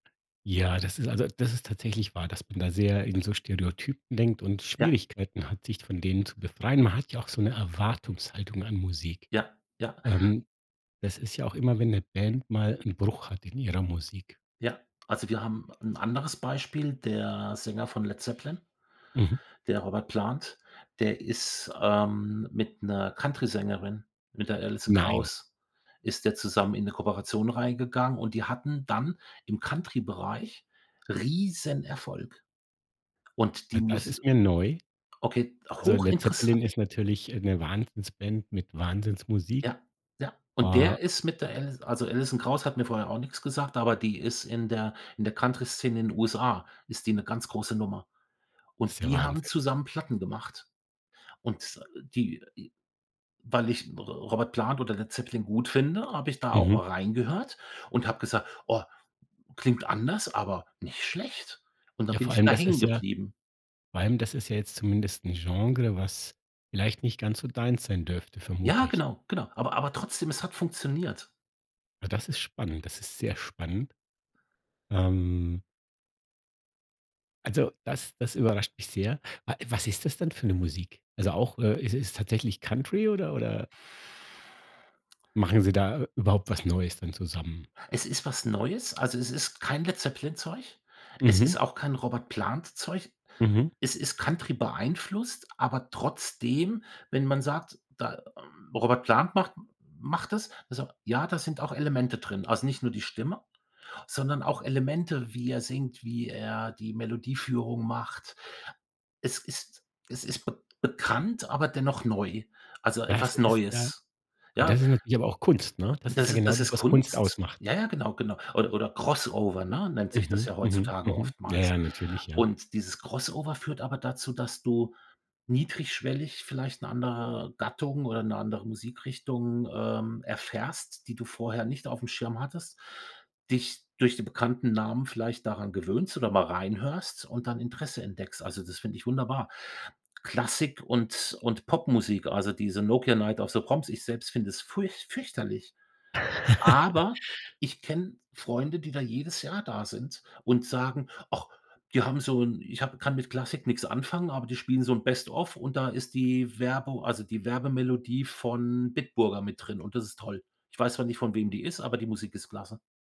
Ja, das ist also, das ist tatsächlich wahr, dass man da sehr in so Stereotypen denkt und Ja. Schwierigkeiten hat, sich von denen zu befreien. Man hat ja auch so 'ne Erwartungshaltung an Musik. Ja. Ja. Ähm, das ist ja auch immer, wenn 'ne Band mal 'n Bruch hat in ihrer Musik. Ja, also, wir haben 'n anderes Beispiel, der Sänger von Led Zeppelin Mhm. der Robert Plant, der ist, ähm, mit 'ner Countrysängerin, mit der Alison Nein. Krauss, ist der zusammen in 'ne Kooperation reingegangen und die hatten dann im Country-Bereich Riesenerfolg. Und Na, die das muss ist mir neu. okay, Also, Led Zeppelin hochinteressant. ist natürlich, äh, 'ne Wahnsinnsband mit Wahnsinnsmusik. Ja, ja. Und Äh der ist mit der Alis also, Alison Krauss hat mir vorher auch nix gesagt, aber die ist in der in der Country-Szene in den USA ist die 'ne ganz große Nummer. ist Und ja die haben Wahnsinn. zusammen Platten gemacht. Und die i weil ich R Robert Plant oder Led Zeppelin gut finde, habe ich da auch Mhm. mal reingehört und habe gesagt: „Oh, klingt anders, aber nicht schlecht.“ Und dann Ja, bin vor ich allem, da das hängen ist ja geblieben. vor allem, das ist ja jetzt zumindest 'n Genre, was vielleicht nicht ganz so deins sein dürfte, vermute Ja, ich. genau. Genau. Aber aber trotzdem, es hat funktioniert. Na, das ist spannend, das ist sehr spannend. Ähm also, das das überrascht mich sehr. Wa was ist das denn für 'ne Musik? Also, auch äh, ist es tatsächlich Country oder oder machen sie da überhaupt was neues dann zusammen? Es ist was Neues, also, es ist kein Led Zeppelin-Zeug. Es Mhm. ist auch kein Robert Plant-Zeug. Mhm. Es ist Country-beeinflusst, aber trotzdem, wenn man sagt, da ähm, Robert Plant macht macht das das so ja, da sind auch Elemente drin. Also, nicht nur die Stimme, sondern auch Elemente, wie er singt, wie er die Melodieführung macht. Es ist es ist bek bekannt, aber dennoch neu, also Das etwas ist ja Neues. ja, Ja das ist natürlich aber auch Kunst, ne? Das ist das ja i genau das das, ist was Kunst Kunst. ausmacht. Ja, ja, genau, genau. Oder oder Crossover, ne, nennt sich das Mhm. ja Mhm. heutzutage Mhm. Ja, oftmals. ja, natürlich. Ja. Und dieses Crossover führt aber dazu, dass du niedrigschwellig vielleicht 'ne andere Gattung oder 'ne andere Musikrichtung, ähm, erfährst, die du vorher nicht aufm Schirm hattest, dich durch die bekannten Namen vielleicht daran gewöhnst oder mal reinhörst und dann Interesse entdeckst. Also, das finde ich wunderbar. Klassik und und Popmusik, also diese „Nokia Night of the Proms“. Ich selbst finde es furcht fürchterlich, aber ich kenne Freunde, die da jedes Jahr da sind und sagen: „Ach, die haben so 'n ich habe kann mit Klassik nichts anfangen, aber die spielen so 'n Best of und da ist die Werbu also, die Werbemelodie von Bitburger mit drin und das ist toll. Ich weiß zwar nicht, von wem die ist, aber die Musik ist klasse.“